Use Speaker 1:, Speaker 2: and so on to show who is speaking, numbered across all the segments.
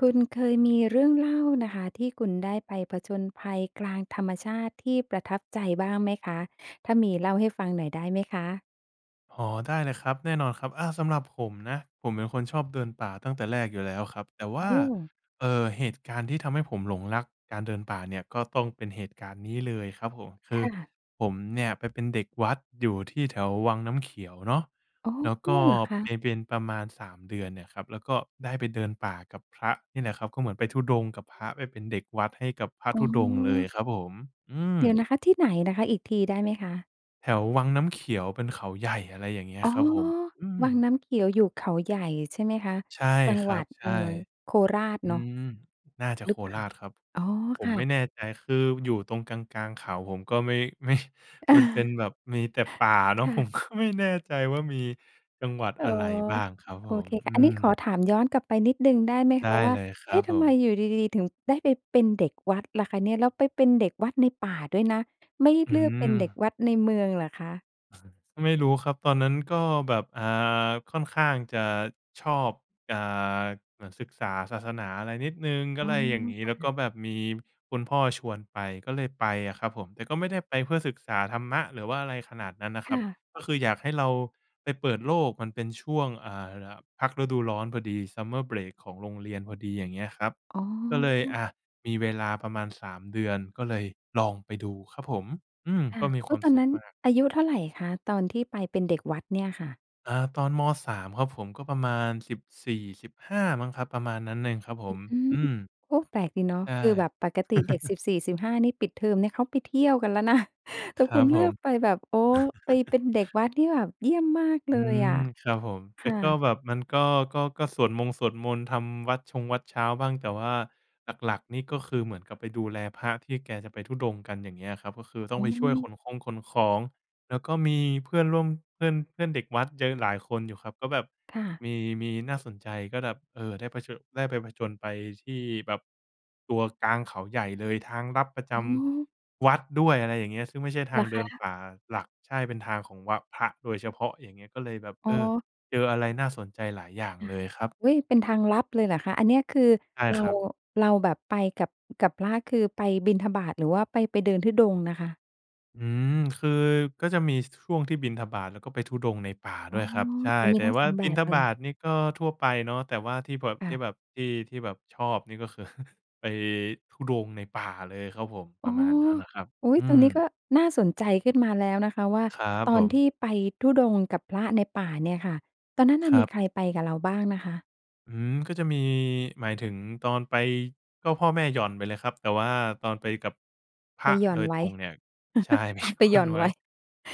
Speaker 1: คุณเคยมีเรื่องเล่านะคะ ที่คุณได้ไปผจญภัยกลางธรรมชาติที่ประทับใจบ้างไหมคะ? ถ้ามี เล่าให้ฟังหน่อยได้ไหมคะ?
Speaker 2: อ๋อ ได้เลยครับ แน่นอนครับ อา สำหรับผมนะ ผมเป็นคนชอบเดินป่าตั้งแต่แรกอยู่แล้วครับ แต่ว
Speaker 1: โอ
Speaker 2: ่า
Speaker 1: ้
Speaker 2: เอ่อ เหตุการณ์ที่ทำให้ผมหลงรักการเดินป่าเนี่ย ก็ต้องเป็นเหตุการณ์นี้เลยครับผม ค
Speaker 1: ค
Speaker 2: ือ
Speaker 1: ่ะ
Speaker 2: ผมเนี่ยไปเป็นเด็กวัดอยู่ที่แถววังน้ำเขียวเนาะ
Speaker 1: อ๋อ
Speaker 2: แล้วก็
Speaker 1: เหรอค
Speaker 2: ไป
Speaker 1: ะ?
Speaker 2: เป็นประมาณ 3 เดือนเนี่ยครับ แล้วก็ได้ไปเดินป่ากับพระนี่แหละครับ ก็เหมือนไปธุดงค์กับพระไปเป็นเด็กวัดให้กับพระ
Speaker 1: อ๋
Speaker 2: ธ
Speaker 1: อ
Speaker 2: ุดงค์เลยครับผม อื
Speaker 1: เดี๋ยว
Speaker 2: ม
Speaker 1: นะคะ ที่ไหนนะคะ? อีกทีได้ไหมคะ?
Speaker 2: แถววังน้ำขียว เป็นเขาใหญ่ อะไรอย่างเงี้ย
Speaker 1: อ๋อ
Speaker 2: ครับผม อื
Speaker 1: วัง
Speaker 2: ม
Speaker 1: น้ำเขียวอยู่เขาใหญ่ใช่ไหมคะ?
Speaker 2: ใช่
Speaker 1: จัง
Speaker 2: ค
Speaker 1: ห
Speaker 2: ร
Speaker 1: ว
Speaker 2: ั
Speaker 1: ั
Speaker 2: บ
Speaker 1: ด
Speaker 2: ใ
Speaker 1: เ
Speaker 2: ช
Speaker 1: อ่อ
Speaker 2: ่
Speaker 1: โคราช
Speaker 2: อื
Speaker 1: เนาะ
Speaker 2: ม น่าจะ
Speaker 1: ห
Speaker 2: โ
Speaker 1: ร
Speaker 2: ค
Speaker 1: ือเปล่า?
Speaker 2: ราชครับ
Speaker 1: อ๋อ
Speaker 2: ผ
Speaker 1: ค
Speaker 2: ม
Speaker 1: ่
Speaker 2: ไม่
Speaker 1: ะ
Speaker 2: แน่ใจ คืออยู่ตรงกลาง ๆ เขา ผมก็ไม่ ไม่
Speaker 1: เออ
Speaker 2: มันเป็นแบบมีแต่ป่าเ
Speaker 1: ค
Speaker 2: นาะ
Speaker 1: ่
Speaker 2: ผม
Speaker 1: ะ
Speaker 2: ก็ไม่แน่ใจ ว่ามี จังหวัด
Speaker 1: อ๋
Speaker 2: อ
Speaker 1: อ
Speaker 2: ะไรบ้างครับผ
Speaker 1: โอ
Speaker 2: ม
Speaker 1: เคค
Speaker 2: อ
Speaker 1: ่
Speaker 2: ื
Speaker 1: ะ อันนี้ขอ
Speaker 2: ม
Speaker 1: ถามย้อนกลับไปนิดหนึ่งได้ไหม
Speaker 2: ไ
Speaker 1: ค
Speaker 2: ด้
Speaker 1: ะว่า
Speaker 2: เลยคร
Speaker 1: เอ
Speaker 2: ั
Speaker 1: ๊ะ!
Speaker 2: บ
Speaker 1: ท
Speaker 2: ผ
Speaker 1: ำไม
Speaker 2: ม
Speaker 1: อยู่ดี ๆ ถึงได้ไปเป็นเด็กวัดล่ะคะเนี่ย? แล้วไปเป็นเด็กวัดในป่าด้วยนะ ไม่
Speaker 2: อื
Speaker 1: เลือกเป็นเด็ก
Speaker 2: ม
Speaker 1: วัดในเมืองเหรอคะ?
Speaker 2: ไม่รู้ครับ ตอนนั้นก็แบบ อ่า ค่อนข้างจะชอบ อ่า เหมือนศึกษาศาสนาอะไรนิดหนึ่งก
Speaker 1: อ
Speaker 2: ็
Speaker 1: ๋อ
Speaker 2: ไรอย่างงี้
Speaker 1: ค
Speaker 2: แ
Speaker 1: ่
Speaker 2: ล้วก
Speaker 1: ะ
Speaker 2: ็แบบมีคุณพ่อชวนไป ก็เลยไปอะครับผม แต่ก็ไม่ได้ไปเพื่อศึกษาธรรมะ หรือว่าอะไรขนาดนั้นนะ
Speaker 1: ค
Speaker 2: คร
Speaker 1: ่
Speaker 2: ับ
Speaker 1: ะ
Speaker 2: ก็คืออยากให้เราไปเปิดโลก มันเป็นช่วง อ่า ล่ะ พักฤดูร้อนพอดี Summer Break ของโรงเรียนพอดีอย่างเงี้ยครับ
Speaker 1: อ๋
Speaker 2: ก็เลย อ
Speaker 1: อ
Speaker 2: ะ มีเวลาประมาณ 3 เดือน ก็เลยลองไปดูครับผม อืม
Speaker 1: ค่
Speaker 2: ก
Speaker 1: ะ
Speaker 2: ็มี
Speaker 1: โอ
Speaker 2: คว
Speaker 1: ้
Speaker 2: าม
Speaker 1: ตอน
Speaker 2: สุ
Speaker 1: น
Speaker 2: ข
Speaker 1: ั้น
Speaker 2: มาก
Speaker 1: อายุเท่าไรคะ? ตอนที่ไปเป็นเด็กวัดเนี่ยค่ะ
Speaker 2: อ่า ตอน ม. 3 ครับผม ก็ประมาณ 14-15 มั้งครับ ประมาณนั้นเองครับผ
Speaker 1: อ
Speaker 2: ม
Speaker 1: ืม
Speaker 2: อืม
Speaker 1: โอ้ แปลกดีเนาะ
Speaker 2: ใช่
Speaker 1: คือแบบปกติเด็ก สิบสี่สิบห้า นี่ ปิดเทอมนี่เขาไปเที่ยวกันแล้วนะ แต
Speaker 2: ค
Speaker 1: ่
Speaker 2: ร
Speaker 1: ค
Speaker 2: ั
Speaker 1: ุ
Speaker 2: บ
Speaker 1: ณเ
Speaker 2: ผ
Speaker 1: ลือ
Speaker 2: ม
Speaker 1: กไปแบบ โอ้ ไปเป็นเด็กวัด นี่แบบเยี่ยมมากเล
Speaker 2: อื
Speaker 1: ยอ
Speaker 2: ม
Speaker 1: ะ
Speaker 2: ครับผม
Speaker 1: ค
Speaker 2: แต่
Speaker 1: ่
Speaker 2: ก็
Speaker 1: ะ
Speaker 2: แบบ มันก็ ก็ ก็สวดมงสวดมนต์ทำวัตรชงวัตรเช้าบ้าง แต่ว่าหลัก ๆ นี่ก็คือเหมือนกับไปดูแลพระที่แกจะไปธุดงค์กัน อย่างเงี้ยครับ ก็คือต้
Speaker 1: อ
Speaker 2: อ
Speaker 1: ๋
Speaker 2: งไปช่วยข
Speaker 1: อ
Speaker 2: นคงขนของ แล้วก็มีเพื่อนร่วม เพื่อน เพื่อนเด็กวัดเยอะหลายคนอยู่ครับ ก็แบบ
Speaker 1: ค่ะ
Speaker 2: มี มีน่าสนใจก็แบบ เออ ได้ผะเช่อะ ได้ไปผจญไปที่แบบ ตัวกลางเขาใหญ่เลย ทางลับประจ
Speaker 1: อ๋อ
Speaker 2: ำ วัดด้วย อะไรอย่างเงี้ย ซึ่งไม่ใช่
Speaker 1: เ
Speaker 2: ท
Speaker 1: ห
Speaker 2: า
Speaker 1: รอ
Speaker 2: งเ
Speaker 1: ค
Speaker 2: ดิน
Speaker 1: ะ?
Speaker 2: ป่าหลัก ใช่ เป็นทางของวะ พระโดยเฉพาะ อย่างเงี้ย ก็เลยแบบ
Speaker 1: อ
Speaker 2: เ
Speaker 1: ๋
Speaker 2: ออ
Speaker 1: อ
Speaker 2: เจออะไรน่าสนใจหลายอย่าง
Speaker 1: ค่
Speaker 2: เ
Speaker 1: ะ
Speaker 2: ลยครับ
Speaker 1: อุ๊ย! เป็นทางลับเลยเหรอคะ? อันเนี้ยคือ
Speaker 2: ใช่
Speaker 1: เร
Speaker 2: ค
Speaker 1: า
Speaker 2: รับ
Speaker 1: เราแบบไปกับ กับพระ คือไปบิณฑบาตหรือว่าไป ไปเดินธุดงค์นะคะ?
Speaker 2: อืม คือก็จะมี ช ช่วงที่บิณฑบาตแล้วก็ไปธุดงค์ในป่า
Speaker 1: อ
Speaker 2: ด
Speaker 1: ๋
Speaker 2: ้
Speaker 1: อ
Speaker 2: วยครับ ใช่
Speaker 1: เออม
Speaker 2: แ
Speaker 1: ี
Speaker 2: ต่
Speaker 1: ทั้ง
Speaker 2: ว
Speaker 1: ส
Speaker 2: ่า
Speaker 1: อง แบ
Speaker 2: บิณฑ
Speaker 1: บเล
Speaker 2: บา
Speaker 1: ย
Speaker 2: ตนี่ก็ทั่วไปเนาะ แต่ว่าที่แบบ
Speaker 1: ค่
Speaker 2: ที่
Speaker 1: ะ
Speaker 2: แบบ ที่ ที่แบบชอบนี่ก็คือ ไปธุดงค์ในป่าเลยครับผม ป
Speaker 1: อ
Speaker 2: ร
Speaker 1: ้
Speaker 2: ะ
Speaker 1: อ
Speaker 2: มาณนั้นอะครับ
Speaker 1: อุ๊
Speaker 2: อ
Speaker 1: ย!
Speaker 2: ื
Speaker 1: ตรงนี้
Speaker 2: ม
Speaker 1: ก็น่าสนใจขึ้นมาแล้วนะคะ ว่า
Speaker 2: ครับ
Speaker 1: ต
Speaker 2: ผ
Speaker 1: อนท
Speaker 2: ม
Speaker 1: ี่ไปธุดงค์กับพระในป่าเนี่ยค่ะ ตอนนั้นน่
Speaker 2: ค
Speaker 1: ะ
Speaker 2: ร
Speaker 1: ม
Speaker 2: ั
Speaker 1: ี
Speaker 2: บ
Speaker 1: ใครไปกับเราบ้างนะคะ?
Speaker 2: อืม ก็จะมี หมายถึงตอนไปก็พ่อแม่หย่อนไปเลยครับ แต่ว่าตอนไปกับ พ
Speaker 1: ไ
Speaker 2: ร
Speaker 1: ป
Speaker 2: ะ
Speaker 1: หย่อ
Speaker 2: โด
Speaker 1: น
Speaker 2: ย
Speaker 1: ไว
Speaker 2: ต
Speaker 1: ้
Speaker 2: รงเนี่ย ใช่ ไป
Speaker 1: เอา
Speaker 2: หย
Speaker 1: ไป
Speaker 2: ่
Speaker 1: หย
Speaker 2: อ
Speaker 1: ่อ
Speaker 2: น
Speaker 1: น
Speaker 2: ไว
Speaker 1: ไ
Speaker 2: ้
Speaker 1: ว้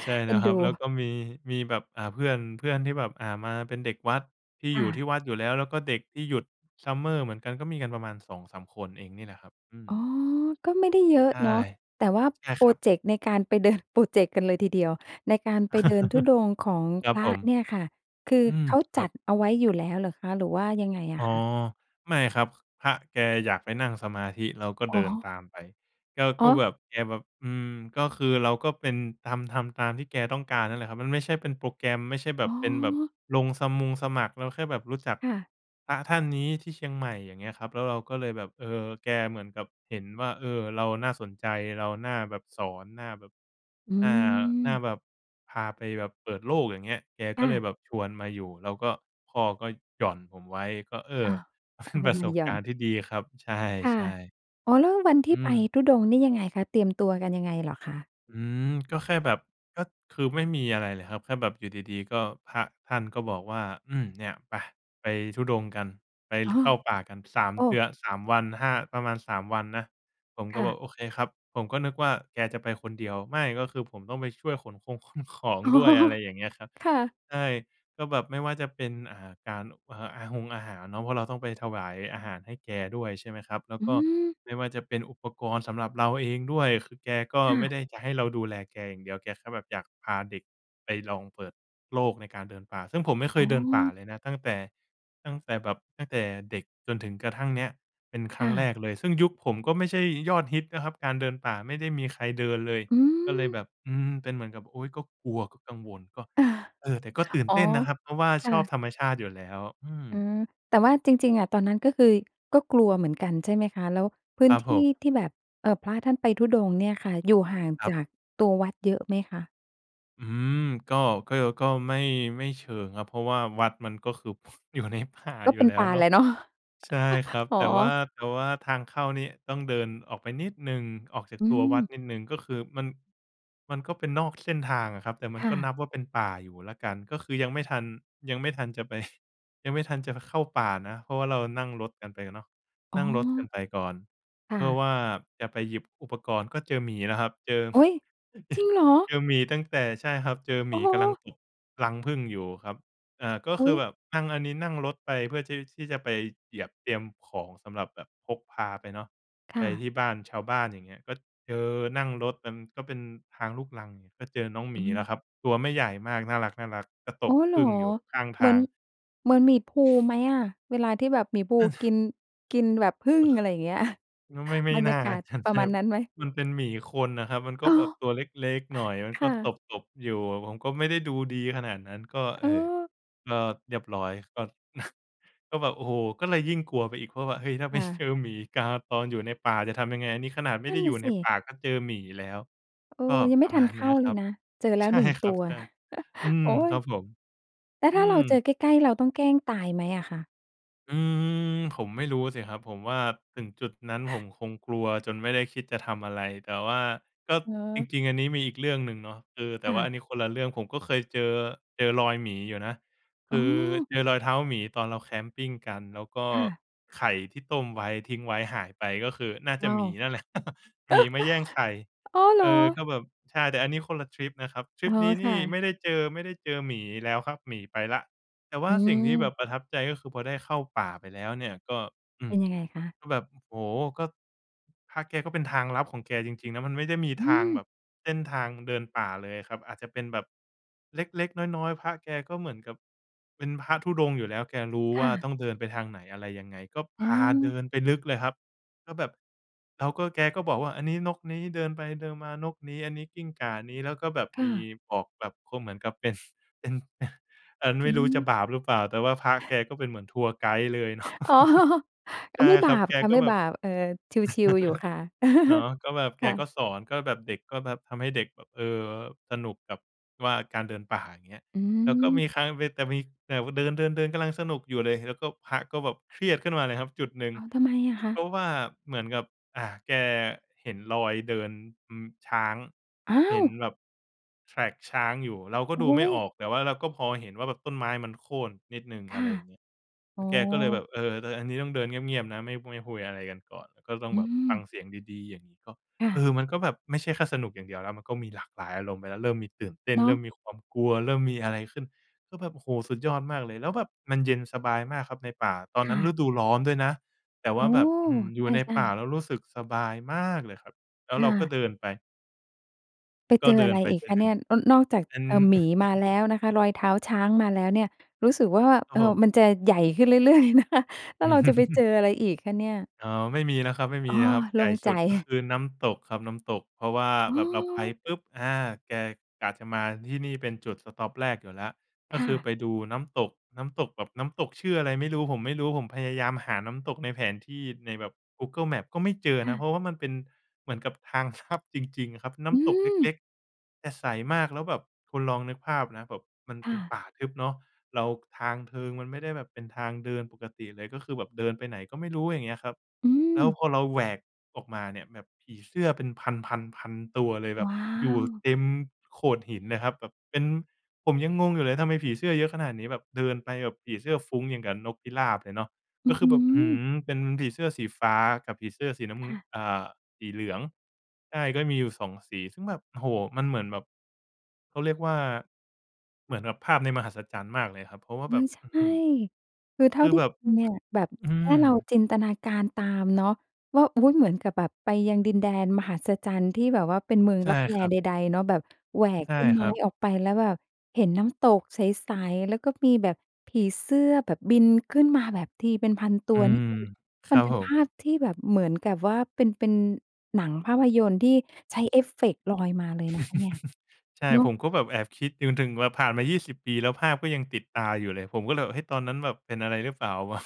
Speaker 2: ใช่
Speaker 1: เ
Speaker 2: แ
Speaker 1: อ
Speaker 2: ล
Speaker 1: ็
Speaker 2: ้
Speaker 1: น
Speaker 2: วค
Speaker 1: ด
Speaker 2: รับ
Speaker 1: ู
Speaker 2: แล้วก็มี มีแบบ อ่า เพื่อน เพื่อนที่แบบ อ่า มาเป็นเด็กวัดที่
Speaker 1: ค
Speaker 2: อ
Speaker 1: ่
Speaker 2: ยู่
Speaker 1: ะ
Speaker 2: ที่วัดอยู่แล้ว แล้วก็เด็กที่หยุด summer เหมือนกันก็มีกันประมาณ 2-3 คนเองนี่แหละครับ อื
Speaker 1: อ๋อ
Speaker 2: ม
Speaker 1: ก็ไม่ได้เยอะ
Speaker 2: ใช่
Speaker 1: เนาะ แต่ว่า
Speaker 2: ใช่
Speaker 1: พร
Speaker 2: ค
Speaker 1: อ
Speaker 2: รับ
Speaker 1: เจกต์ในการไป เดิน พรอเจกต์กันเลยทีเดียว ในการไปเดินธุดงค์ของ
Speaker 2: คร
Speaker 1: พ
Speaker 2: ับ
Speaker 1: ร
Speaker 2: ผ
Speaker 1: ะ
Speaker 2: ม
Speaker 1: เนี่ยค่ะ คือ
Speaker 2: อืม
Speaker 1: เขา
Speaker 2: ค
Speaker 1: จ
Speaker 2: รั
Speaker 1: ั
Speaker 2: บ
Speaker 1: ดเอาไว้อยู่แล้วเหรอคะ หรือว่ายังไงอ
Speaker 2: อ๋อ
Speaker 1: ะคะ?
Speaker 2: ไม่ครับ ค พระแกอยากไปนั่งสมาธิเราก็
Speaker 1: อ
Speaker 2: เ
Speaker 1: ๋
Speaker 2: ดิน
Speaker 1: อ
Speaker 2: ตามไป แกก
Speaker 1: อ๋
Speaker 2: ็
Speaker 1: อ
Speaker 2: แบบแกแบบ อืม ก็คือเราก็เป็น ทำ ทำตามที่แกต้องการนั่นแหละครับ มันไม่ใช่เป็นโปรแกรมไม่ใช่แบ
Speaker 1: อ๋
Speaker 2: บเป็นแบบ
Speaker 1: อ
Speaker 2: ลงสมงสมัคร เราแค่แบบรู้จัก
Speaker 1: ค่ะ
Speaker 2: พระท่านนี้ที่เชียงใหม่ อย่างเงี้ยครับ แล้วเราก็เลยแบบ เออ แกเหมือนกับเห็นว่า เออ เราน่าสนใจ เราน่าแบบสอน น่าแบบ
Speaker 1: อื
Speaker 2: อ่า น่า
Speaker 1: ม
Speaker 2: แบบพาไปแบบเปิดโลกอย่างเงี้ย แก
Speaker 1: ค
Speaker 2: ก็
Speaker 1: ่
Speaker 2: เล
Speaker 1: ะ
Speaker 2: ยแบบชวนมาอยู่ แล้วก็พ่อก็หย่อนผมไว้ก็ เอ
Speaker 1: อ
Speaker 2: อ
Speaker 1: ้อ
Speaker 2: เป
Speaker 1: เอ
Speaker 2: ็
Speaker 1: า
Speaker 2: น ประ
Speaker 1: ม
Speaker 2: ส
Speaker 1: า
Speaker 2: บ
Speaker 1: หย่
Speaker 2: ก
Speaker 1: อ
Speaker 2: า
Speaker 1: น
Speaker 2: รณ์ที่ดีครับ ใ
Speaker 1: ค่ะ
Speaker 2: ช่
Speaker 1: อ๋อ แล้ววันท
Speaker 2: ๆ อื
Speaker 1: ี่ไป
Speaker 2: ม
Speaker 1: ธุดงค์นี่ยังไงคะ เตรียมตัวกันยังไงเหรอคะ?
Speaker 2: อืม ก็แค่แบบ ก็คือไม่มีอะไรเลยครับ แค่แบบอยู่ดี ๆ ก็พระท่านก็บอกว่า "อืม เนี่ยไป ไปธุดงค์กัน ไป
Speaker 1: อ๋อ
Speaker 2: เข้าป่ากัน 3
Speaker 1: โอ
Speaker 2: เดื
Speaker 1: ้!
Speaker 2: อ 3 วัน 5 ประมาณ 3 วันนะ" ผม
Speaker 1: ค
Speaker 2: ก็
Speaker 1: ่
Speaker 2: บอ
Speaker 1: ะ
Speaker 2: ก "โอเคครับ" ผมก็นึกว่าแกจะไปคนเดียว ไม่ ก็คือผมต้องไปช่วยขนคงขนของ
Speaker 1: อ๋อ
Speaker 2: ด้วย อะไรอย่างเงี้ยครับ
Speaker 1: ค่ะ
Speaker 2: ใช่ ก็แบบไม่ว่าจะเป็น อ่า การ เอ่อ อาฮงอาหารเนาะ เพราะเราต้องไปถวายอาหารให้แกด้วยใช่ไหมครับ แล้ว
Speaker 1: อื
Speaker 2: ก็
Speaker 1: ม
Speaker 2: ไม่ว่าจะเป็นอุปกรณ์สำหรับเราเองด้วย คือแกก็
Speaker 1: ค่
Speaker 2: ไม่
Speaker 1: ะ
Speaker 2: ได้จะให้เราดูแลแกอย่างเดียว แกก็แบบอยากพาเด็กไปลองเปิดโลกในการเดินป่า ซึ่งผมไม่เค
Speaker 1: อ๋
Speaker 2: ยเดินป่า
Speaker 1: อ
Speaker 2: เลยนะ ตั้งแต่ ตั้งแต่แบบ ตั้งแต่เด็กจนถึงกระทั่งเนี้ยเป็นคร
Speaker 1: ค
Speaker 2: ั้
Speaker 1: ่
Speaker 2: งแร
Speaker 1: ะ
Speaker 2: กเลย ซึ่งยุคผมก็ไม่ใช่ยอดฮิตนะครับ การเดินป่าไม่ได้มีใครเดินเลย
Speaker 1: อื
Speaker 2: ก็เลย
Speaker 1: ม
Speaker 2: แบบ อืม เป็นเหมือนกับ อุ๊ย ก็กลัว ก็กังวล ก็ เออ แต่ก็ตื่น
Speaker 1: อ๋
Speaker 2: เ
Speaker 1: อ
Speaker 2: ต้นนะครับ เพราะว่า
Speaker 1: ค่
Speaker 2: ชอบ
Speaker 1: ะ
Speaker 2: ธรรมชาติอยู่แล้ว อื
Speaker 1: อื
Speaker 2: ม
Speaker 1: ม แต่ว่าจริง ๆ อะ ตอนนั้นก็คือก็กลัวเหมือนกันใช่ไหมคะ? แล้วพื้
Speaker 2: คร
Speaker 1: น
Speaker 2: ับ
Speaker 1: ท
Speaker 2: ผ
Speaker 1: ี่
Speaker 2: ม
Speaker 1: ที่แบบ เอ่อ พระท่านไปธุดงค์เนี่ยค่ะ อยู่ห่าง
Speaker 2: คร
Speaker 1: จ
Speaker 2: ับ
Speaker 1: ากตัววัดเยอะไหมคะ?
Speaker 2: อืม ก็ ก็ ย ก็ไม่ ไม่เชิงครับ เพราะว่าวัดมันก็คือ อยู่ในป่า
Speaker 1: ก็
Speaker 2: อย
Speaker 1: เ
Speaker 2: ู
Speaker 1: ป
Speaker 2: ่
Speaker 1: ็น
Speaker 2: แล้
Speaker 1: ป่
Speaker 2: ว
Speaker 1: า
Speaker 2: เนา
Speaker 1: แหล
Speaker 2: ะ
Speaker 1: ะ เนาะ
Speaker 2: ใช่ครับ
Speaker 1: อ๋อ
Speaker 2: แต่ว่า แต่ว่าทางเข้านี่ต้องเดินออกไปนิดหนึ่ง ออกจาก
Speaker 1: อื
Speaker 2: ตัววัด
Speaker 1: ม
Speaker 2: นิดหนึ่งก็คือมัน มันก็เป็นนอกเส้นทางอะครับ แต่มั
Speaker 1: ค
Speaker 2: น
Speaker 1: ่
Speaker 2: ก็น
Speaker 1: ะ
Speaker 2: ับว่าเป็นป่าอยู่แล้วกัน ก็คือยังไม่ทัน ยังไม่ทันจะ ไป ยังไม่ทันจะเข้าป่านะ เพราะว่าเรานั่งรถกันไปเนาะ
Speaker 1: อ๋
Speaker 2: นั่งรถกัน
Speaker 1: อ
Speaker 2: ไปก่อน
Speaker 1: ค่
Speaker 2: เพื่อ
Speaker 1: ะ
Speaker 2: ว่าจะไปหยิบอุปกรณ์ ก็เจอหมีแล้วครับ เจอ
Speaker 1: โอ๊ย! จริงเหรอ?
Speaker 2: เจอหมีตั้งแต่ ใช่ครับ เจอ
Speaker 1: โ
Speaker 2: หม
Speaker 1: อ้
Speaker 2: ี
Speaker 1: โ
Speaker 2: กำลัง
Speaker 1: ฮ!
Speaker 2: ตบรังผึ้งอยู่อะครับ อ่า ก็
Speaker 1: อ
Speaker 2: ค
Speaker 1: ุ
Speaker 2: ื
Speaker 1: ๊ย!
Speaker 2: อแบบพังอันนี้นั่งรถไปเพื่อที่ ที่จะไปเหยียบเตรียมของสำหรับแบบพกพาไปเนาะ
Speaker 1: ค
Speaker 2: ไ
Speaker 1: ่
Speaker 2: ป
Speaker 1: ะ
Speaker 2: ที่บ้านชาวบ้านอย่างเงี้ย ก็เจอนั่งรถนั้น ก็เป็นทางลูกรัง ก็เจอน้องห
Speaker 1: อ
Speaker 2: มีแล้ว
Speaker 1: ืม
Speaker 2: ครับ ตัวไม่ใหญ่มากน่ารัก ๆ แต่ต
Speaker 1: อ๋อ
Speaker 2: บ
Speaker 1: เห
Speaker 2: ผ
Speaker 1: รอ
Speaker 2: ึ้งอยู่ข้าง
Speaker 1: เห
Speaker 2: ท
Speaker 1: มือ
Speaker 2: า
Speaker 1: น
Speaker 2: ง
Speaker 1: เหมือนหมีพูห์ไหมอะ? เวลาที่แบบหมี่พูห์กิน กินแบบผึ้งอะไรอย่างเงี้ย
Speaker 2: ก็ไม่ ไม่
Speaker 1: บรรย
Speaker 2: น่
Speaker 1: า
Speaker 2: า
Speaker 1: กาศ
Speaker 2: ชั่น
Speaker 1: ปร
Speaker 2: เช
Speaker 1: ะ
Speaker 2: ่
Speaker 1: มาณ
Speaker 2: บ
Speaker 1: นั้นไหม?
Speaker 2: มันเป็นหมีคนน่ะครับ มันก
Speaker 1: อ
Speaker 2: ็
Speaker 1: ๋อ
Speaker 2: แบบตัวเล็ก ๆ หน่อย มัน
Speaker 1: ค
Speaker 2: ก็
Speaker 1: ่
Speaker 2: ต
Speaker 1: ะ
Speaker 2: บ ๆ อยู่อะ ผมก็ไม่ได้ดูดีขนาดนั้น ก็ เ
Speaker 1: อ
Speaker 2: อ
Speaker 1: ๋
Speaker 2: ่อ
Speaker 1: อ
Speaker 2: ก็เรียบร้อย ก็ ก็แบบ โอ้โฮ! ก็เลยยิ่งกลัวไปอีกเพราะว่า เฮ้ย! ถ้า
Speaker 1: ค
Speaker 2: ไป
Speaker 1: ่
Speaker 2: เจ
Speaker 1: ะ
Speaker 2: อหมีกาตอนอยู่ในป่าจะทำยังไง นี่ขนาดไม่
Speaker 1: นั
Speaker 2: ไ
Speaker 1: ่
Speaker 2: ด้
Speaker 1: นน
Speaker 2: อย
Speaker 1: ่
Speaker 2: ู่
Speaker 1: ะส
Speaker 2: ในป
Speaker 1: ิ
Speaker 2: ่าก็เจอหมีแล้ว
Speaker 1: เออ
Speaker 2: ก็
Speaker 1: ยังไ
Speaker 2: ป
Speaker 1: ม่
Speaker 2: ระ
Speaker 1: ทั
Speaker 2: มา
Speaker 1: น
Speaker 2: ณ
Speaker 1: เข
Speaker 2: เนี
Speaker 1: ้
Speaker 2: ้
Speaker 1: า
Speaker 2: ย
Speaker 1: เ
Speaker 2: ค
Speaker 1: ล
Speaker 2: ร
Speaker 1: ย
Speaker 2: ับ
Speaker 1: นะ เจอแล้
Speaker 2: ใช
Speaker 1: ว
Speaker 2: ่
Speaker 1: 1
Speaker 2: ค
Speaker 1: ต
Speaker 2: ร
Speaker 1: ั
Speaker 2: ับ
Speaker 1: ว
Speaker 2: ใช่ อืม
Speaker 1: โอ๊
Speaker 2: ครับ
Speaker 1: ย
Speaker 2: ผม
Speaker 1: และ
Speaker 2: อื
Speaker 1: ถ้าเราเจ
Speaker 2: ม
Speaker 1: อใกล้ ๆ เราต้องแกล้งตายไหมอะคะ?
Speaker 2: อืม ผมไม่รู้สิครับ ผมว่า ถึงจุดนั้นผมคงกลัวจนไม่ได้คิดจะทำอะไร แต่ว่าก็
Speaker 1: เนา
Speaker 2: จ
Speaker 1: ะ
Speaker 2: ริง ๆ อันนี้มีอีกเรื่องหนึ่งเนาะ คือแต
Speaker 1: ค
Speaker 2: ่ว
Speaker 1: ่
Speaker 2: ่าอ
Speaker 1: ะ
Speaker 2: ันนี้คนละเรื่อง ผมก็เคยเจอ เจอรอยหมีอยู่นะ ค
Speaker 1: อ๋
Speaker 2: ือ
Speaker 1: อ
Speaker 2: เจอรอยเท้าหมีตอนเราแคมปิงกัน แล้วก็
Speaker 1: ค่ะ
Speaker 2: ไข่ที่ต้มไว้ทิ้งไว้หายไป ก็คือน่าจ
Speaker 1: ว
Speaker 2: ะ
Speaker 1: ้า
Speaker 2: หม
Speaker 1: ว!
Speaker 2: ีนั่นแหละ หมีมาแย่งไข่
Speaker 1: อ้อ เหร
Speaker 2: เอ
Speaker 1: อ?
Speaker 2: อ ก็แบบ ใช่ แต่อันนี้คนละทริปนะครับ ทร
Speaker 1: อ
Speaker 2: ิ
Speaker 1: ๋
Speaker 2: ป
Speaker 1: อ
Speaker 2: นี้น
Speaker 1: ค่
Speaker 2: ี่ไม
Speaker 1: ะ
Speaker 2: ่ได้เจอ ไม่ได้เจอหมีแล้วครับ หมีไปแล้ว แต่ว่
Speaker 1: อ
Speaker 2: า
Speaker 1: ื
Speaker 2: สิ่งที่แบ
Speaker 1: ม
Speaker 2: บประทับใจก็คือ พอได้เข้าป่าไปแล้วเนี่ย ก็ อื
Speaker 1: เป
Speaker 2: ม
Speaker 1: ็นยังไงคะ?
Speaker 2: ก็แบบ โอ้โฮ! ก็ พระแก ก็เป็นทางลับของแกจริง ๆ นะ มันไม่ได้มี
Speaker 1: อื
Speaker 2: ทาง
Speaker 1: อ!
Speaker 2: แบบเส้นทางมันเดินป่าเลยอะครับ อาจจะเป็นแบบเล็ก ๆ น้อย ๆ พระแกก็เหมือนกับเป็นพระธุดงค์อยู่แล้ว แกรู้
Speaker 1: ค
Speaker 2: ว
Speaker 1: ่
Speaker 2: ่าต
Speaker 1: ะ
Speaker 2: ้องเดินไปทางไหน อะไรยังไง ก็
Speaker 1: อ
Speaker 2: พ
Speaker 1: ๋
Speaker 2: าเดิ
Speaker 1: อ
Speaker 2: นไปลึกเลยครับ ก็แบบ แล้วก็แกก็บอกว่า อันนี้นกนี้ เดินไปเดินมา นกนี้ อันนี้กิ้งก่านี้ แล้วก็แบบ
Speaker 1: ค่
Speaker 2: มี
Speaker 1: ะ
Speaker 2: บอกแบบก็เหมือนกับ เป็น เป็น อัน
Speaker 1: อ
Speaker 2: ไม
Speaker 1: ื
Speaker 2: ่
Speaker 1: อ
Speaker 2: ร
Speaker 1: ฮ
Speaker 2: ู้จะ
Speaker 1: ึ
Speaker 2: บาปหรือเปล่า? แต่ว่าพระแกก็เป็นเหมือนทัวร์ไกด์เลย เนาะ
Speaker 1: อ๋อ อ
Speaker 2: ใช
Speaker 1: ะ
Speaker 2: ่
Speaker 1: ไม่
Speaker 2: ค
Speaker 1: บ
Speaker 2: ร
Speaker 1: า
Speaker 2: ับ
Speaker 1: ป
Speaker 2: แก
Speaker 1: ค่ะ
Speaker 2: ก็
Speaker 1: ไม่
Speaker 2: แบ
Speaker 1: บ
Speaker 2: บ
Speaker 1: าป เออ ชิล ๆ อยู่ค่ะ
Speaker 2: เนาะ ก็แบบ
Speaker 1: ค
Speaker 2: แก
Speaker 1: ่
Speaker 2: ก็
Speaker 1: ะ
Speaker 2: สอน ก็แบบเด็ก ก็แบบทำให้เด็กแบบ เออ สนุกแบบว่าการเดินป่าเงี้ย
Speaker 1: อื
Speaker 2: แล้วก็
Speaker 1: ม
Speaker 2: มีครั้งหนึ่งเป็น แต่มีแบบว่าเดิน ๆ ๆ กำลังสนุกอยู่เลย แล้วก็พระ ก็แบบเครียดขึ้นมาเลยครับจุดหนึ่ง
Speaker 1: อ้าว! ทำไมอะคะ?
Speaker 2: เพราะว่าเหมือนกับ อ่า แกเห็นรอยเดิน อืม ช้าง
Speaker 1: อ้า
Speaker 2: เห็น
Speaker 1: ว!
Speaker 2: แบบ track ช้างอยู่ เราก็
Speaker 1: โอ้
Speaker 2: ดู
Speaker 1: โ
Speaker 2: ไม่
Speaker 1: ฮ!
Speaker 2: ออก แต่ว่าเราก็พอเห็นว่า แบบต้นไม้มันโค่นนิดหนึ่ง
Speaker 1: ค
Speaker 2: อ
Speaker 1: ่
Speaker 2: ะไ
Speaker 1: ะ
Speaker 2: รอย่างงี้
Speaker 1: อ
Speaker 2: แล
Speaker 1: ๋อ
Speaker 2: ้วแกก็เลยแบบ "เออ แต่อันนี้ต้องเดินเงียบ ๆ นะ ไม่ ไม่คุยอะไรกันก่อน ก็ต้อ
Speaker 1: อ
Speaker 2: ง
Speaker 1: ื
Speaker 2: แบบฟั
Speaker 1: ม
Speaker 2: งเสียงดี ๆ" อย่างงี้ ก็
Speaker 1: ค่
Speaker 2: เ
Speaker 1: ะ
Speaker 2: ออ มันก็แบบไม่ใช่แค่สนุกอย่างเดียวแล้ว มันก็มีหลากหลายอารมณ์ไปแล้ว เริ่มมีตื่นเต้น
Speaker 1: เน
Speaker 2: เ
Speaker 1: า
Speaker 2: ริ
Speaker 1: ะ
Speaker 2: ่มมีความกลัว เริ่มมีอะไรขึ้น ก็แบบ โอ้โฮ! สุดยอดมากเลย แล้วแบบมันเย็นสบายมากครับในป่า ตอน
Speaker 1: ค
Speaker 2: นั
Speaker 1: ่
Speaker 2: ้น
Speaker 1: ะ
Speaker 2: ฤดูร้อนด้วยนะ แต่ว
Speaker 1: โอ
Speaker 2: ่
Speaker 1: ้
Speaker 2: าแบ
Speaker 1: โ
Speaker 2: บ อื้อฮ
Speaker 1: ฮ!
Speaker 2: ือ อยู่ใน
Speaker 1: ใช่
Speaker 2: ป่า
Speaker 1: ๆ
Speaker 2: แล้วรู้สึกสบาย มาก เลยครับ แล้ว
Speaker 1: ค
Speaker 2: เร
Speaker 1: ่
Speaker 2: าก็
Speaker 1: ะ
Speaker 2: เดินไป
Speaker 1: ไป
Speaker 2: ก็
Speaker 1: เจ
Speaker 2: เ
Speaker 1: อ
Speaker 2: ดิ
Speaker 1: อะไร
Speaker 2: นไป
Speaker 1: อีก
Speaker 2: ด้ว
Speaker 1: ค
Speaker 2: ย
Speaker 1: ะ
Speaker 2: กั
Speaker 1: เนี
Speaker 2: น
Speaker 1: ่ย? น นอกจาก
Speaker 2: อื
Speaker 1: เอ
Speaker 2: ม
Speaker 1: ่อ หมีมาแล้วนะคะ รอยเท้าช้างมาแล้วเนี่ย รู้สึกว่า
Speaker 2: คร
Speaker 1: เ
Speaker 2: ับ
Speaker 1: อ่
Speaker 2: ผ
Speaker 1: อ
Speaker 2: ม
Speaker 1: มันจะใหญ่ขึ้นเรื่อย ๆ เลยนะคะ แล้วเราจะไปเจออะไรอีกคะเนี่ย?
Speaker 2: อ๋อ ไม่มีแล้วครับ ไม่ม
Speaker 1: อ
Speaker 2: ี
Speaker 1: ้อ
Speaker 2: แล้วครับ
Speaker 1: โ
Speaker 2: ใ
Speaker 1: ล
Speaker 2: หญ
Speaker 1: ่
Speaker 2: ่
Speaker 1: ง
Speaker 2: ส
Speaker 1: ใจ
Speaker 2: ุดก็คือน้ำตกครับ น้ำตก เพราะว่า
Speaker 1: อ๋
Speaker 2: แบบเราไป
Speaker 1: อ
Speaker 2: ปุ๊บ อา แกกะจะมาที่นี่เป็นจุดสต็อปแรกอยู่แล้ว ก
Speaker 1: ค
Speaker 2: ็
Speaker 1: ่
Speaker 2: คือไ
Speaker 1: ะ
Speaker 2: ปดูน้ำตก น้ำตกแบบ น้ำตกชื่ออะไรไม่รู้ ผมไม่รู้ ผมพยายามหาน้ำตกในแผนที่ ในแบบ Google Maps ก็ไม่เจอ
Speaker 1: ค่
Speaker 2: นะ
Speaker 1: ะ
Speaker 2: เพราะว่ามันเป็นเหมือนกับทาง ทับ จริง ๆ ครับ น้
Speaker 1: อ
Speaker 2: ำตกเ
Speaker 1: ือ
Speaker 2: ล็ก ๆ แต่ใสมาก แล้วแบบคุณลองนึกภาพนะ แบบมัน
Speaker 1: ค
Speaker 2: เป
Speaker 1: ่
Speaker 2: ็น
Speaker 1: ะ
Speaker 2: ป่าทึบเนาะ เรา ทางเทิงมันไม่ได้แบบเป็นทางเดินปกติเลย ก็คือแบบเดินไปไหนก็ไม่รู้ อย่างเงี้ยครับ
Speaker 1: อื
Speaker 2: แล้ว
Speaker 1: ม
Speaker 2: พอเราแหวกออกมาเนี่ยแบบผีเสื้อเป็น 1,000 1,000 1,000 ตัวเลย แบ
Speaker 1: ว
Speaker 2: บ
Speaker 1: ้า
Speaker 2: อยู่
Speaker 1: ว
Speaker 2: เต็มโขดหินน่ะครับ แบบเป็น ผมยังงงอยู่เลยทำไมผีเสื้อเยอะขนาดนี้ แบบเดินไปแบบผีเสื้อฟุ้งอย่างกับนกพิราบเลยเนาะ
Speaker 1: อ
Speaker 2: ก
Speaker 1: ื
Speaker 2: ็
Speaker 1: ้อ
Speaker 2: คื
Speaker 1: ฮ
Speaker 2: อแ
Speaker 1: ื
Speaker 2: บบ อื้อฮื
Speaker 1: อ
Speaker 2: อ เป็นผีเสื้อสีฟ้ากับผีเสื้อสีน้ำ
Speaker 1: ค
Speaker 2: งื้
Speaker 1: ่
Speaker 2: อ
Speaker 1: ะ
Speaker 2: อ่า สีเหลือง ใช่ ก็มีอยู่สองสี ซึ่งแบบ โอ้โฮ! มันเหมือนแบบ เขาเรียกว่า เหมือนแบบภาพในมหัศจรรย์มากเลยครับ เพราะว่า
Speaker 1: โอ
Speaker 2: แ
Speaker 1: ๊
Speaker 2: บบ
Speaker 1: ย ใช
Speaker 2: อื้อฮ
Speaker 1: ่
Speaker 2: ือ
Speaker 1: คือเท่
Speaker 2: ค
Speaker 1: า
Speaker 2: ือ
Speaker 1: ที่
Speaker 2: แบบ
Speaker 1: คุณเนี่ย แบบ
Speaker 2: ค อื
Speaker 1: แค่
Speaker 2: ม
Speaker 1: เราจินตนาการตามเนาะว่า อุ๊ย! เหมือนกับแบบไปยังดินแดนมหัศจรรย์ที่แบบว่าเป็นเมือง
Speaker 2: ใช่
Speaker 1: ลับแล
Speaker 2: ครั
Speaker 1: ใ
Speaker 2: บ
Speaker 1: ด ๆ เนาะ แบบแหวก
Speaker 2: ใช่
Speaker 1: ต้น
Speaker 2: ค
Speaker 1: ไม
Speaker 2: ร
Speaker 1: ้
Speaker 2: ับ
Speaker 1: ออกไปแล้วแบบเห็นน้ำตกใส ๆ แล้วก็มีแบบผีเสื้อแบบบินขึ้นมาแบบทีเป็น 1,000 ตั
Speaker 2: อื
Speaker 1: ว นี่
Speaker 2: ม
Speaker 1: คือ
Speaker 2: ค
Speaker 1: ม
Speaker 2: ร
Speaker 1: ั
Speaker 2: ั
Speaker 1: น
Speaker 2: บ
Speaker 1: เป็
Speaker 2: ผ
Speaker 1: นภ
Speaker 2: ม
Speaker 1: าพที่แบบเหมือนกับว่า เป็น เป็นหนังภาพยนตร์ที่ ใช้เอฟเฟกต์ลอยมาเลยนะคะเนี่ย
Speaker 2: ใช่
Speaker 1: เนาะ
Speaker 2: ผมก็แบบแอบคิด จนถึงแบบผ่านมา 20 ปีแล้วภาพก็ยังติดตาอยู่เลย ผมก็เลยแบบ เฮ้ย! ตอนนั้นแบบเป็นอะไรหรือเปล่าวะ?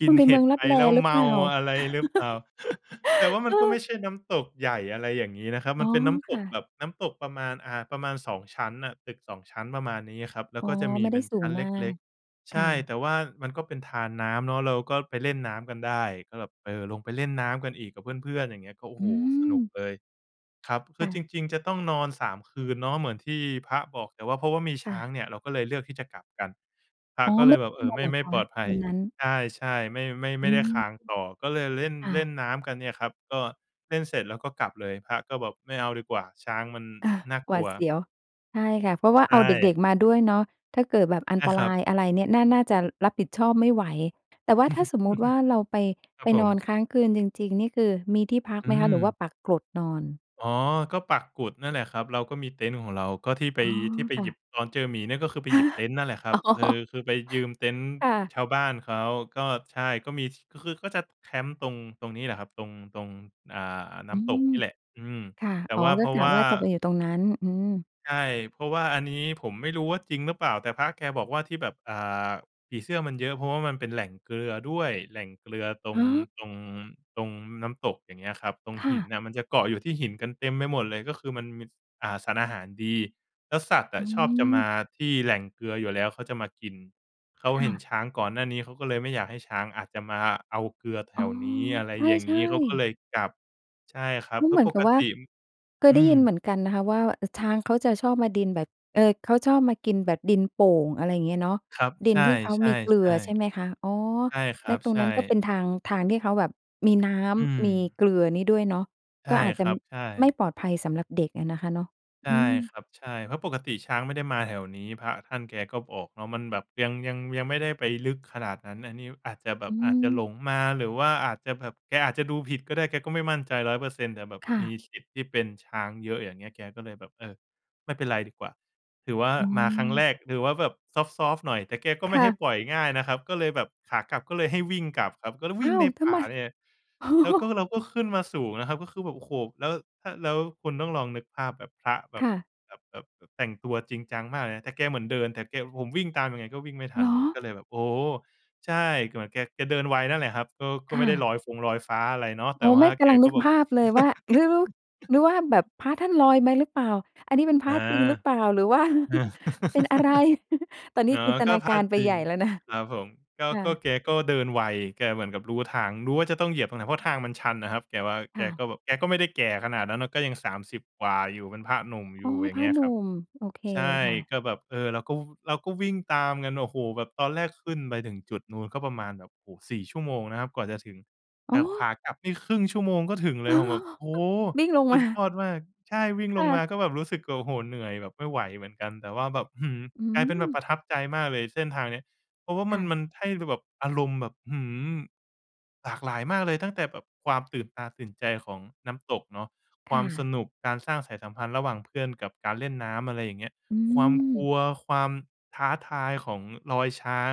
Speaker 2: กิ
Speaker 1: ค
Speaker 2: น
Speaker 1: ุณไป
Speaker 2: เห
Speaker 1: เม
Speaker 2: ็
Speaker 1: ื
Speaker 2: ด
Speaker 1: องล
Speaker 2: ไ
Speaker 1: ั
Speaker 2: ป
Speaker 1: บแล
Speaker 2: แล้ว
Speaker 1: หรื
Speaker 2: เ
Speaker 1: อ
Speaker 2: ม
Speaker 1: เป
Speaker 2: า
Speaker 1: ล่า?
Speaker 2: อะไรหรือเปล่า? แต่ว่าม
Speaker 1: เ
Speaker 2: ั
Speaker 1: อ
Speaker 2: นก็ไม
Speaker 1: อ
Speaker 2: ่ใช่น้ำตกใหญ่ อะไรอย่างงี้นะครับ
Speaker 1: อ
Speaker 2: ม
Speaker 1: ๋
Speaker 2: ั
Speaker 1: อ
Speaker 2: นเป็นน้ำ
Speaker 1: ค
Speaker 2: ต
Speaker 1: ่
Speaker 2: กแบ
Speaker 1: ะ
Speaker 2: บ น้ำตกประมาณ อ่า ประมาณ 2 ชั้นน่ะ ตึก 2 ชั้น ประมาณนี้อะครับ แล้
Speaker 1: อ
Speaker 2: ว
Speaker 1: ๋อ
Speaker 2: ก็จะมี
Speaker 1: ไม่
Speaker 2: เ
Speaker 1: ไ
Speaker 2: ป
Speaker 1: ด้
Speaker 2: ็น
Speaker 1: ส
Speaker 2: ช
Speaker 1: ู
Speaker 2: ั
Speaker 1: ง
Speaker 2: ้นเ
Speaker 1: มา
Speaker 2: ล็
Speaker 1: ก
Speaker 2: ก ๆ
Speaker 1: ค
Speaker 2: ใช
Speaker 1: ่
Speaker 2: ่
Speaker 1: ะ
Speaker 2: แต่ว่ามันก็เป็นธารน้ำเนาะ เราก็ไปเล่นน้ำกันได้ ก็แบบ เออ ลงไปเล่นน้ำกันอีกกับเพื่อน ๆ อย่างเงี้ย ก็ โอ้
Speaker 1: อ
Speaker 2: โฮ!
Speaker 1: ื
Speaker 2: สนุก
Speaker 1: ม
Speaker 2: เลย ครับ คื
Speaker 1: ค่
Speaker 2: อจ
Speaker 1: ะ
Speaker 2: ริง ๆ จะต้องนอน 3 คืนเนาะเหมือนที่พระบอก แต่ว่าเพราะว่ามี
Speaker 1: ค
Speaker 2: ช
Speaker 1: ่
Speaker 2: ้
Speaker 1: ะ
Speaker 2: างเนี่ยเราก็เลยเลือกที่จะกลับกัน พระ
Speaker 1: อ๋อ
Speaker 2: ก็เ
Speaker 1: ไ
Speaker 2: ล
Speaker 1: ม่
Speaker 2: ยแบบ เออ ไม
Speaker 1: เ
Speaker 2: ่
Speaker 1: หรอ
Speaker 2: ไม่
Speaker 1: คะ?
Speaker 2: ปลอดภั
Speaker 1: ว
Speaker 2: ย
Speaker 1: ันนั้น
Speaker 2: ใช่ ๆ ไม่ ไม่ ไ
Speaker 1: อื
Speaker 2: ม่ได้ค้
Speaker 1: อ
Speaker 2: างต่อ ก็เลยเล่น
Speaker 1: ค่
Speaker 2: เล่
Speaker 1: ะ
Speaker 2: นน้ำกันเนี่ยครับ ก็เล่นเสร็จแล้วก็กลับเลย พระก็แบบไม่เอาดีกว่า ช้างมัน
Speaker 1: เออ
Speaker 2: น่า
Speaker 1: ห
Speaker 2: ก
Speaker 1: ว
Speaker 2: ล
Speaker 1: า
Speaker 2: ั
Speaker 1: ด
Speaker 2: ว
Speaker 1: เสียว ใช่ค่ะ เพราะว่า
Speaker 2: ใช
Speaker 1: เอาเด
Speaker 2: ่
Speaker 1: ็ก ๆ มาด้วยเนาะ ถ้าเกิดแบบอั
Speaker 2: ใช
Speaker 1: น
Speaker 2: ่
Speaker 1: ต
Speaker 2: ค
Speaker 1: ร
Speaker 2: รับ
Speaker 1: ายอะไรเนี่ย น่า น่าจะรับผิดชอบไม่ไหว แต่ว่าถ้าสมมุติว่า เราไป
Speaker 2: ครั
Speaker 1: ไป
Speaker 2: บผ
Speaker 1: นอน
Speaker 2: ม
Speaker 1: ค้างคืนจริง ๆ นี่ คือมีที่พัก
Speaker 2: อื
Speaker 1: ไหมคะ? หรือว่า
Speaker 2: ม
Speaker 1: ปักกลดนอน?
Speaker 2: อ๋อ ก็ปักกุดนั่นแหละครับ เราก็มีเต็นท์ของเรา ก็ที่ไป
Speaker 1: อ๋อ
Speaker 2: ที่ไป
Speaker 1: ค่
Speaker 2: หย
Speaker 1: ะ
Speaker 2: ิบ ตอนเจอหมีเนี่ยก็คือไป
Speaker 1: ฮ
Speaker 2: หย
Speaker 1: ะ!
Speaker 2: ิบเต็นท์นั่นแหละครั
Speaker 1: อ๋
Speaker 2: บ
Speaker 1: อ
Speaker 2: เออ คือไปยืมเต็นท์
Speaker 1: ค่ะ
Speaker 2: ชาวบ้านเขา ก็ ใช่ ก็มีที่ ก็คือก็จะแคมป์ ตรง ตรงนี้แหละครับ ตรง ตรง อ่า น้
Speaker 1: อื
Speaker 2: ำตก
Speaker 1: อ
Speaker 2: นี่แหละ อืม
Speaker 1: ค่ะ
Speaker 2: แต่
Speaker 1: อ๋อ
Speaker 2: ว่าเ
Speaker 1: ก
Speaker 2: พ
Speaker 1: ็
Speaker 2: รา
Speaker 1: ก
Speaker 2: ะ
Speaker 1: ะ
Speaker 2: ว่า
Speaker 1: ว่าจะไปอยู่ตรงนั้น อืม
Speaker 2: ใช่ เพราะว่าอันนี้ผมไม่รู้ว่า จริงหรือเปล่า แต่พระแกบอกว่า "ที่แบบ อ่า ผีเสื้อมันเยอะ เพราะว่ามันเป็นแหล่งเกลือด้วย" แหล่งเกลือตร
Speaker 1: ฮ
Speaker 2: ง
Speaker 1: ะ?
Speaker 2: ตรง ตรงน้ำตก อย่างเงี้ยครับ ตรง
Speaker 1: ค
Speaker 2: ห
Speaker 1: ่
Speaker 2: ิน
Speaker 1: ะ
Speaker 2: น่ะ มันจะเกาะอยู่ที่หินกันเต็มไปหมดเลย ก็คือมันมี ส อ่า สารอาหารดี แล้วสัตว์อ
Speaker 1: อื
Speaker 2: ะชอบจะมา
Speaker 1: ม
Speaker 2: ที่แหล่งเกลืออยู่แล้ว เขาจะมากิน เขา
Speaker 1: ค
Speaker 2: เห
Speaker 1: ่
Speaker 2: ็น
Speaker 1: ะ
Speaker 2: ช้างก่อนหน้านี้เขาก็เลยไม่อยากให้ ช้างอาจจะมาเอาเกลือแถ
Speaker 1: อ๋อ
Speaker 2: วนี้ อะไรอย่าง
Speaker 1: ใช
Speaker 2: ง
Speaker 1: ่
Speaker 2: ี้ เขาก็
Speaker 1: ๆ
Speaker 2: เลยกลับ ใช่ครับ เพร
Speaker 1: เ
Speaker 2: า
Speaker 1: ห
Speaker 2: ะ
Speaker 1: มือ
Speaker 2: ป
Speaker 1: นกั
Speaker 2: ก
Speaker 1: บว่า
Speaker 2: ติ อ
Speaker 1: เคย
Speaker 2: อ
Speaker 1: ได
Speaker 2: ื
Speaker 1: ้ยินเห
Speaker 2: ม
Speaker 1: มือนกันนะคะว่า เอ่อ ช้างเขาจะชอบมาดินแบบ เอ่อ เขาชอบมากินแบบดินโป่ง อะไรเงี้ยเนาะ
Speaker 2: ครับ
Speaker 1: ดิ
Speaker 2: ใ
Speaker 1: น
Speaker 2: ช่
Speaker 1: ที่เขามีเกลือใช
Speaker 2: ๆ
Speaker 1: ่ไหมคะ? อ๋อ
Speaker 2: ๆ ใช่คร
Speaker 1: แล
Speaker 2: ั
Speaker 1: ้ว
Speaker 2: บ
Speaker 1: ตร
Speaker 2: ใ
Speaker 1: ง
Speaker 2: ช
Speaker 1: นั้นก็เป
Speaker 2: ่
Speaker 1: ็นทาง ทางที่เขาแบบมีน้
Speaker 2: อื
Speaker 1: ำ ม
Speaker 2: ม
Speaker 1: ีเกลือนี้ด้วยเนาะ
Speaker 2: ใช
Speaker 1: ก็
Speaker 2: ่
Speaker 1: อาจจ
Speaker 2: ค
Speaker 1: ะ
Speaker 2: รับ ใช
Speaker 1: ไม่
Speaker 2: ่
Speaker 1: ปลอดภัยสำหรับเด็กอะนะคะเนาะ
Speaker 2: ใช
Speaker 1: อ
Speaker 2: ่
Speaker 1: ืม
Speaker 2: ครับ ใช่ เพราะปกติช้างไม่ได้มาแถวนี้ พระท่านแกก็บอกเนาะ มันแบบยัง ยัง ยังไม่ได้ไปลึกขนาดนั้น อันนี้อาจจะแบ
Speaker 1: อ
Speaker 2: บ
Speaker 1: ื
Speaker 2: อาจจะห
Speaker 1: ม
Speaker 2: ลงมา หรือว่าอาจจะแบบ แกอาจจะดูผิดก็ได้ แกก็ไม่มั่นใจ 100% แต่แบบ
Speaker 1: ค่
Speaker 2: มี
Speaker 1: ะ
Speaker 2: สิทธิ์ที่เป็นช้างเยอะ อย่างเงี้ย แกก็เลยแบบ เออ ไม่เป็นไรดีกว่า ถือว่า
Speaker 1: อ๋
Speaker 2: มาครั้ง
Speaker 1: อ
Speaker 2: แรก ถือว่าแบบซอฟต์ ๆ หน่อย แต่แกก็ไ
Speaker 1: ค
Speaker 2: ม่
Speaker 1: ่
Speaker 2: ให้
Speaker 1: ะ
Speaker 2: ปล่อยง่ายนะครับ ก็เลยแบบขากลับก็เลยให้วิ่งกลับครับ ก็เลยว
Speaker 1: อ้
Speaker 2: ิ่
Speaker 1: า
Speaker 2: งใ
Speaker 1: ว
Speaker 2: น
Speaker 1: ท
Speaker 2: ป
Speaker 1: ำ
Speaker 2: ่
Speaker 1: ไ
Speaker 2: า
Speaker 1: ม?
Speaker 2: เนี่ยเลย
Speaker 1: อ๋อ
Speaker 2: แล้วก็ เราก็ขึ้นมาสูงนะครับ ก็คือแบบ โอ้โฮ แล้ว ถ้า แล้วคุณต้องลองนึกภาพแบบพระแบบ
Speaker 1: ค่ะ
Speaker 2: แบบ แบบ แบบแต่งตัวจริงจังมากเลยนะ แต่แกเหมือนเดิน แต่แก ผมวิ่งตามยังไงก็วิ่งไม่ท
Speaker 1: เ
Speaker 2: ั
Speaker 1: หร
Speaker 2: นเลย
Speaker 1: อ?
Speaker 2: ก็เลยแบบ โอ้โฮ! ใช่ ก็เหมือนแก แกเดินไวนั่นแหละครับ ก็ ก็
Speaker 1: ค่
Speaker 2: ไม่ได้
Speaker 1: ะ
Speaker 2: ลอยฟงลอยฟ้าอะไรเนาะ แต่
Speaker 1: อ๋อ
Speaker 2: ว
Speaker 1: ไ
Speaker 2: ่
Speaker 1: ม
Speaker 2: า
Speaker 1: ่ ก
Speaker 2: แก
Speaker 1: ำลัง
Speaker 2: ก
Speaker 1: น
Speaker 2: ็
Speaker 1: ึก
Speaker 2: แบ
Speaker 1: ภ
Speaker 2: บ
Speaker 1: าพเลยว่า หรือลุก หรือว่าแบบพระท่านลอยไปหรือเปล่า? อันนี้เป็นพ
Speaker 2: เ
Speaker 1: ร
Speaker 2: ออ
Speaker 1: ะจริงหรือเปล่า? หรือว่า
Speaker 2: อือ
Speaker 1: เป็นอะไร? ตอนนี้
Speaker 2: อ๋อ
Speaker 1: จินต
Speaker 2: ก็
Speaker 1: นา
Speaker 2: พ
Speaker 1: ก
Speaker 2: ระ
Speaker 1: ารไป
Speaker 2: จริ
Speaker 1: ให
Speaker 2: ง
Speaker 1: ญ่แล้วนะ
Speaker 2: ครับผม ก็
Speaker 1: ค่
Speaker 2: ก็
Speaker 1: ะ
Speaker 2: แกก็เดินไว แกเหมือนกับรู้ทาง รู้ว่า จะต้องเหยียบตรงไหน เพราะทางมันชันอะครับ แกว่า
Speaker 1: ค
Speaker 2: แก
Speaker 1: ่ะ
Speaker 2: ก็แบบ แกก็ไม่ได้แก่ขนาดนั้นเนาะ ก็ยัง 30 กว่าอยู่ เป็นพระหนุ่มอย
Speaker 1: อ๋อ
Speaker 2: ู่ อย่า
Speaker 1: พ
Speaker 2: ง
Speaker 1: ร
Speaker 2: เง
Speaker 1: ะ
Speaker 2: ี้ย
Speaker 1: หน
Speaker 2: ค
Speaker 1: ุ่
Speaker 2: รับ
Speaker 1: ม โอเค
Speaker 2: ใช่
Speaker 1: ค่ะ
Speaker 2: ก็แบบ เออ เราก็ ว เราก็วิ่งตามกัน โอ้โฮ แบบตอนแรกขึ้นไปถึงจุดนู้น ก็ประมาณแบบ โอ้โฮ 4 ชั่วโมงนะครับกว่าจะถึง แ
Speaker 1: อ
Speaker 2: ต
Speaker 1: ้
Speaker 2: ่ขว
Speaker 1: อ
Speaker 2: ากลับนี่ครึ่งชั่วโมงก็ถึงเล
Speaker 1: อ๋
Speaker 2: ย
Speaker 1: อ
Speaker 2: ผมแบบ โอ้โฮ!
Speaker 1: วิ่งลง
Speaker 2: สุ
Speaker 1: มา
Speaker 2: ดยอดมาก ใช่ วิ่ง
Speaker 1: ค
Speaker 2: ล
Speaker 1: ่
Speaker 2: งม
Speaker 1: ะ
Speaker 2: าก็แบบรู้สึก โอ้โฮ เหนื่อยแบบไม่ไหวเหมือนกัน แต่ว่าแบบ อื้อฮือ
Speaker 1: อื
Speaker 2: กลายเป็นแบบป
Speaker 1: ม
Speaker 2: ระทับใจมากเลยเส้นทางนี้ เพราะว่า
Speaker 1: ค
Speaker 2: มั
Speaker 1: ่
Speaker 2: น
Speaker 1: ะ
Speaker 2: มันให้เราแบบ อารมณ์แบบ อื้อฮือ! หลากหลายมากเลย ตั้งแต่แบบความตื่นตาตื่นใจของน้ำตกเนาะ ค
Speaker 1: ค
Speaker 2: วา
Speaker 1: ่
Speaker 2: มส
Speaker 1: ะ
Speaker 2: นุก การสร้างสายสัมพันธ์ระหว่างเพื่อนกับการเล่นน้ำ อะไรอย่างเงี้ย
Speaker 1: อ
Speaker 2: ความกล
Speaker 1: ืม
Speaker 2: ัว ความท้าทายของรอยช้าง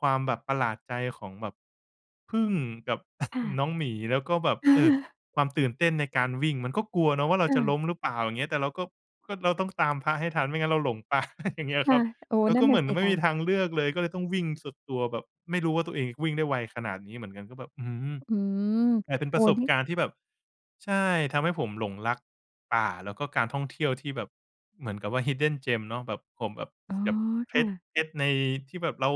Speaker 2: ความแบบประหลาดใจของแบบผึ้งกับ
Speaker 1: ค่ะ
Speaker 2: น้องหมี แล้วก็แบบ
Speaker 1: เ
Speaker 2: เออ
Speaker 1: ออ
Speaker 2: ความตื่นเต้นในการวิ่ง มันก็กลัวเนาะว่า เราจะล
Speaker 1: เออ
Speaker 2: ้มหรือเปล่า อย่างเงี้ย แต่เราก็ ก็เราต้องตามพระให้ทัน ไม่งั้นเราหลง ป่า อย่างเงี้ย
Speaker 1: ค
Speaker 2: ค
Speaker 1: ่
Speaker 2: รั
Speaker 1: ะ
Speaker 2: บ
Speaker 1: โอ้
Speaker 2: แล้ว
Speaker 1: นั
Speaker 2: ก
Speaker 1: ่
Speaker 2: ็
Speaker 1: น
Speaker 2: เ
Speaker 1: น
Speaker 2: ห
Speaker 1: ่
Speaker 2: มื
Speaker 1: ะ
Speaker 2: อน
Speaker 1: ส
Speaker 2: มั
Speaker 1: ิ
Speaker 2: นไม่
Speaker 1: ค
Speaker 2: มี
Speaker 1: ะ
Speaker 2: ทางเลือกเลย ก็เลยต้องวิ่งสุดตัวแบบไม่รู้ว่าตัวเองวิ่งได้ไวขนาดนี้เหมือนกัน ก็แบบ อื้อฮือ
Speaker 1: อืม
Speaker 2: แต่เป็น
Speaker 1: โ
Speaker 2: ป
Speaker 1: อ้
Speaker 2: ระ
Speaker 1: โฮ
Speaker 2: สบ
Speaker 1: นี่
Speaker 2: การณ์ที่แบบ ใช่ ทำให้ผมหลงรักป่า แล้วก็การท่องเที่ยวที่แบบเหมือนกับว่า Hidden Gem เนาะ แบบ ผมแบบ
Speaker 1: อ๋อ
Speaker 2: แบบ เพ
Speaker 1: ค่
Speaker 2: ชร
Speaker 1: ะ
Speaker 2: เพชร ในที่แบบ เรา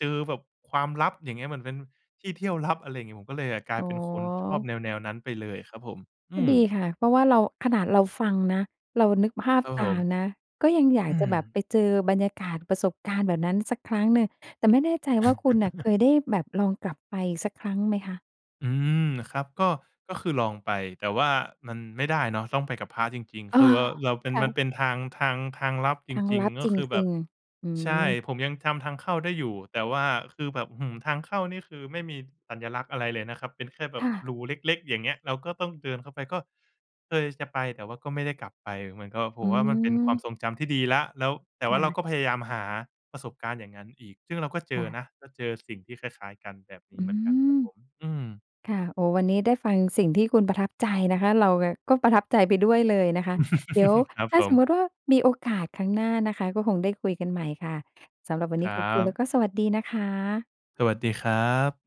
Speaker 2: เจอแบบความลับ อย่างเงี้ย เหมือนเป็นที่เที่ยวลับ อะไรอย่างเงี้ย ผมก็เลย อะ กลา
Speaker 1: อ๋
Speaker 2: ยเป็นคนชอบ
Speaker 1: อ
Speaker 2: แนว ๆ นั้นไปเลยครับผม อ
Speaker 1: ก็
Speaker 2: ือ
Speaker 1: ดีค่ะ เพราะว่าเรา ขนาดเราฟังนะ เรานึกภาพ
Speaker 2: ครับ
Speaker 1: ต
Speaker 2: ผ
Speaker 1: า
Speaker 2: ม
Speaker 1: มนะ ก็ยังอยา
Speaker 2: อ
Speaker 1: ก
Speaker 2: ื
Speaker 1: จะ
Speaker 2: อ
Speaker 1: แบบไปเจอบรรยากาศ ประสบการณ์แบบนั้นสักครั้งหนึ่ง แต่ไม่แน่ใจว่าคุณน่ะเคยได้แบบลองกลับไปสักครั้งไหมคะ?
Speaker 2: อืม ครับ ก็ ก็คือลองไป แต่ว่ามันไม่ได้เนาะ ต้องไปกับพระจริง
Speaker 1: เอ
Speaker 2: ๆ ค
Speaker 1: อ
Speaker 2: ือว่า เราเป
Speaker 1: ค
Speaker 2: ็น
Speaker 1: ่
Speaker 2: มั
Speaker 1: ะ
Speaker 2: นเป็นทาง ทาง ทางลับจ
Speaker 1: ทาง
Speaker 2: ริง
Speaker 1: ลัด
Speaker 2: ๆ ก็
Speaker 1: จ
Speaker 2: คือแบ
Speaker 1: ริ
Speaker 2: บ
Speaker 1: ง ๆ อื
Speaker 2: ใช่
Speaker 1: ม
Speaker 2: ผมยังจำทางเข้าได้อยู่ แต่ว่าคือแบบ อื้อฮือ ทางเข้านี่คือไม่มีสัญลักษณ์อะไรเลยนะครับ เป็นแค่แบ
Speaker 1: ค
Speaker 2: บ
Speaker 1: ่ะ
Speaker 2: รูเล็ก ๆ อย่างเงี้ย เราก็ต้องเดินเข้าไป ก็ เคยจะไปแต่ว่าก็ไม่ได้กลับไป เหมือนกับว่า ผ
Speaker 1: อื
Speaker 2: มว่ามันเป็นความ
Speaker 1: ม
Speaker 2: ทรงจำที่ดีแล้ว แล้ว แต่
Speaker 1: ค
Speaker 2: ว่
Speaker 1: ่
Speaker 2: าเรา
Speaker 1: ะ
Speaker 2: ก็พยายามหาประสบการณ์อย่างงั้นอีก ซึ่งเราก็เจ
Speaker 1: ค่
Speaker 2: อ
Speaker 1: ะ
Speaker 2: นะ ก็เจอสิ่งที่คล้าย ๆ กัน แบบนี
Speaker 1: อ
Speaker 2: ้
Speaker 1: ื
Speaker 2: เหมือนกันค
Speaker 1: ม
Speaker 2: รับผม อืม
Speaker 1: ค่ะ โอ้ วันนี้ได้ฟังสิ่งที่คุณประทับใจนะคะ เรากะ ก็ประทับใจไปด้วยเลยนะคะ เดี๋ยว
Speaker 2: ครับ
Speaker 1: ถ้
Speaker 2: ผ
Speaker 1: าสม
Speaker 2: ม
Speaker 1: มติว่า มีโอกาสครั้งหน้านะคะ ก็คงได้คุยกันใหม่ค่ะ สำหรับวัน
Speaker 2: ค
Speaker 1: นี้
Speaker 2: รั
Speaker 1: ขอบคุณแ
Speaker 2: บ
Speaker 1: ละสวัสดีนะคะ
Speaker 2: สวัสดีครับ